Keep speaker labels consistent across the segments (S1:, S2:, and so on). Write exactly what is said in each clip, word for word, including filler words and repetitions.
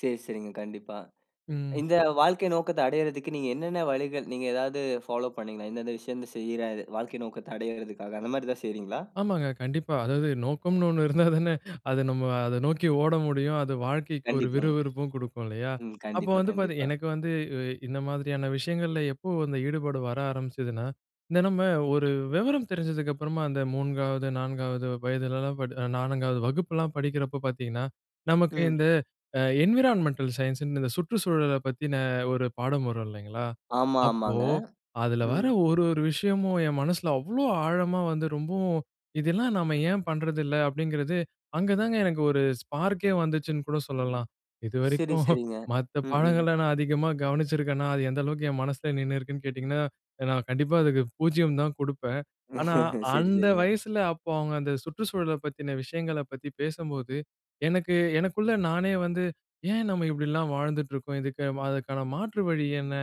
S1: சரி, சரிங்க. கண்டிப்பா.
S2: ம்.
S1: இந்த வாழ்க்கை நோக்கத்த அடைறதுக்கு, நீங்க என்னென்ன வழிகள், நீங்க ஏதாவது ஃபாலோ பண்ணீங்களா? இந்த இந்த விஷயந்த செய்யுறேன். இது வாழ்க்கை நோக்கத்த அடையறதுக்காக அந்த மாதிரி ஏதாவது செய்றீங்களா?
S2: ஆமாங்க கண்டிப்பா. அதாவது நோக்கம்ன்னு ஒண்ணு இருந்தா தானே, அது நம்ம அத நோக்கி ஓட முடியும். அது வாழ்க்கைக்கு ஒரு விறு
S1: கண்டிப்பாங்க.
S2: விறுப்பும் குடுக்கும் இல்லையா?
S1: ம்
S2: அப்போ
S1: கண்டிப்பா,
S2: வந்து பாத்தீங்
S1: கண்டிப்பா.
S2: எனக்கு வந்து இ இந்த மாதிரியான விஷயங்கள்ல எப்போ அந்த ஈடுபாடு வர ஆரம்பிச்சதுன்னா, இந்த நம்ம ஒரு வெவரம் தெரிஞ்சதுக்கு அப்புறமா அந்த மூன்காவது, நான்காவது வயதிலலாம், படி நான்காவது வகுப்புல்லாம் படிக்கிறப்ப பாத்தீங்கன்னா, நமக்கு
S1: ம்.
S2: இந்த, அ என்விரான்மென்டல் சயன்ஸ்ன்னு, இந்த சுற்றுச்சூழலைப் பத்தின ஒரு பாடம் வரும் இல்லைங்களா?
S1: ஆமா,
S2: அப்போ
S1: ஆமாங்க.ம்.
S2: அதில வர ஒரு ஒரு விஷயமும் என் மனசுல அவ்வளோ ஆழமா வந்து ரொம்பவும், "இதெல்லாம் நாம ஏன் பண்றதில்ல?" அப்படிங்கிறது, அங்க தாங்க எனக்கு ஒரு ஸ்பார்க்கே வந்துச்சுன்னு கூட சொல்லலாம்.
S1: சரி,
S2: இதுவரைக்கும்
S1: சரிங்க.
S2: மத்த
S1: ம், ம்.
S2: பாடங்கள நான் அதிகமா கவனிச்சிருக்கேனா? அது எந்த அளவுக்கு என் மனசுல நின்னுருக்குன்னு கேட்டீங்கன்னா, நான் கண்டிப்பா அதுக்கு பூஜ்ஜியம் தான் குடுப்பேன். ஆனா
S1: சரி,
S2: அந்த
S1: சரிங்க.
S2: வயசுல, அப்போ அவுங்க அந்த சுற்றுச்சூழல பத்தின விஷயங்களை பத்தி பேசம்போது, எனக்கு, எனக்குள்ள நானே வந்து, "ஏன் நம்ம இப்படி எல்லாம் வாழ்ந்துட்டுருக்கோம்? இதுக்கு அதற்கான மாற்று வழி என்ன?"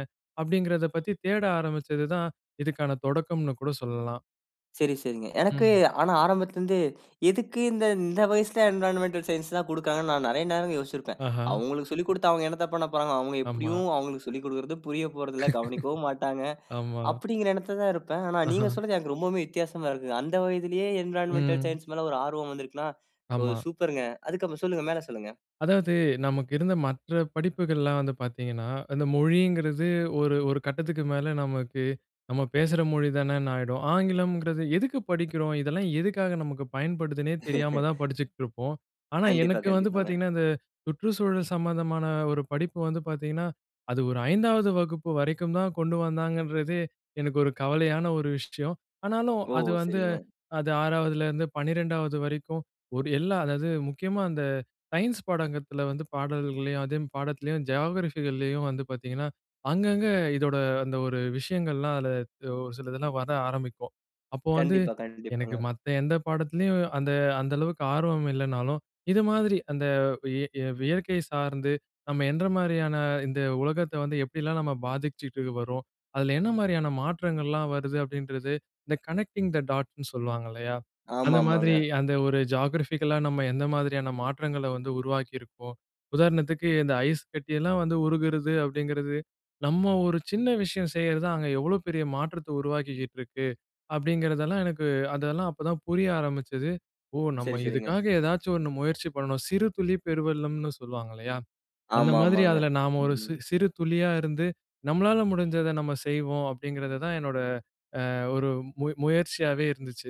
S2: அப்டிங்கிறத பத்தி தேட ஆரம்பிச்சது தான் இதுக்கான தொடக்கம்னு கூட சொல்லலாம்.
S1: சரி சரிங்க. எனக்கு,
S2: ம்.
S1: ஆனா, ஆரம்பத்தில இருந்து எதுக்கு இந்த இந்த வயசுல என்வைரன்மென்டல் சயன்ஸ்லாம் குடுக்காங்கன்னு நான் நிறைய நேரம் யோசிச்சிருப்பேன்.
S2: ஆஹா.
S1: அவுங்களுக்கு சொல்லிக் குடுத்து அவுங்க என்னத்த பண்ணப்போறாங்க? அவுங்க
S2: ஆமா.
S1: எப்படியும் அவுங்களுக்கு சொல்லிக் குடுக்குறது புரியப் போறதில்ல. கவனிக்கவும் மாட்டாங்க,
S2: ஆமா.
S1: அப்படிங்குற எண்ணத்துல தான் இருப்பேன். ஆனா,
S2: ஆஹா.
S1: நீங்க சொன்னது எனக்கு ரொம்பவுமே வித்தியாசமா இருக்குங்க. அந்த வயதிலேயே என்வைரன்மென்டல்
S2: ம்.
S1: சயன்ஸ் மேல ஒரு ஆர்வம் வந்திருக்குன்னா, ஓ!
S2: ஆமா.
S1: சூப்பருங்க. அதுக்கு அப்புறம் சொல்லுங்க, மேல சொல்லுங்க.
S2: அதாவது நமக்கு இருந்த மற்ற படிப்புகள்லாம் வந்து பாத்தீங்கன்னா, அந்த மொழிங்கிறது ஒரு ஒரு கட்டத்துக்கு மேலே நமக்கு, நம்ம பேசுற மொழி தானேன்னு ஆயிடும். ஆங்கிலம்ங்கிறது எதுக்கு படிக்கிறோம்? இதெல்லாம் எதுக்காக நமக்கு பயன்படுதுனே தெரியாம தான் படிச்சுக்கிட்ருப்போம். ஆனா
S1: கண்டிப்பா,
S2: எனக்கு வந்து
S1: கண்டிப்பாங்க.
S2: பாத்தீங்கன்னா, இந்த சுற்றுச்சூழல் சம்மந்தமான ஒரு படிப்பு வந்து பாத்தீங்கன்னா, அது ஒரு ஐந்தாவது வகுப்பு வரைக்கும் தான் கொண்டு வந்தாங்கன்றதே, எனக்கு ஒரு கவலையான ஒரு விஷயம். ஆனாலும்
S1: ஓ!
S2: அது வந்து,
S1: சரிங்க.
S2: அது ஆறாவதுலருந்து பன்னிரெண்டாவது வரைக்கும் ஒரு எல்லாம், அதாவது முக்கியமா அந்த சயன்ஸ் பாடகத்தில வந்து பாடல்களையும், அதே ம் பாடத்துலயும் ஜியோகிராஃபிகள்லயும் வந்து பாத்தீங்கன்னா, அங்க அங்க இதோட அந்த ஒரு விஷயங்கள்லாம், அதில ஒரு சில இதெல்லாம் வர ஆரம்பிக்கும். அப்போ வந்து,
S1: கண்டிப்பா,
S2: எனக்கு
S1: கண்டிப்பாங்க.
S2: மத்த எந்த பாடத்துலயும் அந்த அந்த அளவுக்கு ஆர்வம் இல்லைன்னாலும், இது மாதிரி அந்த வ் இ வியற்கை சார்ந்து நம்ம என்ற மாதிரியான, இந்த உலகத்த வந்து எப்படியெல்லாம் நம்ம பாதிச்சிட்டு வரோம்? அதில என்ன மாரியான மாற்றங்கள்லாம் வருது? அப்படின்றது. இந்த கனெக்டிங் த டாட்ன்னு சொல்லுவாங்க இல்லையா, அந்த மாதிரி
S1: ஆமாமாங்க.
S2: அந்த ஒரு ஜியோகிராஃபிக்கலா நம்ம எந்த மாதிரியான மாற்றங்கள வந்து உருவாக்கியிருக்கோம்? உதாரணத்துக்கு இந்த ஐஸ் கட்டியெல்லாம் வந்து உருகுறது அப்படிங்கிறது, நம்ம ஒரு சின்ன விஷயம் செய்யறது தான், அங்க எவ்வளோ பெரிய மாற்றத்த உருவாக்கிக்கிட்ருக்கு! அப்டிங்கிறதெல்லாம் எனக்கு, அதெல்லாம் அப்போ தான் புரிய ஆரம்பிச்சது. "ஓ!
S1: சரி,
S2: நம்ம
S1: சரிங்க.
S2: இதுக்காக ஏதாச்சும் ஒண்ணு முயற்சி பண்ணணும். சிறு துளி பெருவெள்ளம்னு சொல்லுவாங்க இல்லையா? அந்த மாதிரி
S1: ஆமாமாங்க.
S2: அதில நாம ஒரு
S1: ம், ம்.
S2: சி சிறு துளியா இருந்து, நம்மளால முடிஞ்சத நம்ம செய்வோம்." அப்படிங்கிறத தான் என்னோட அ ஒரு மு முயற்சியாவே இருந்துச்சு.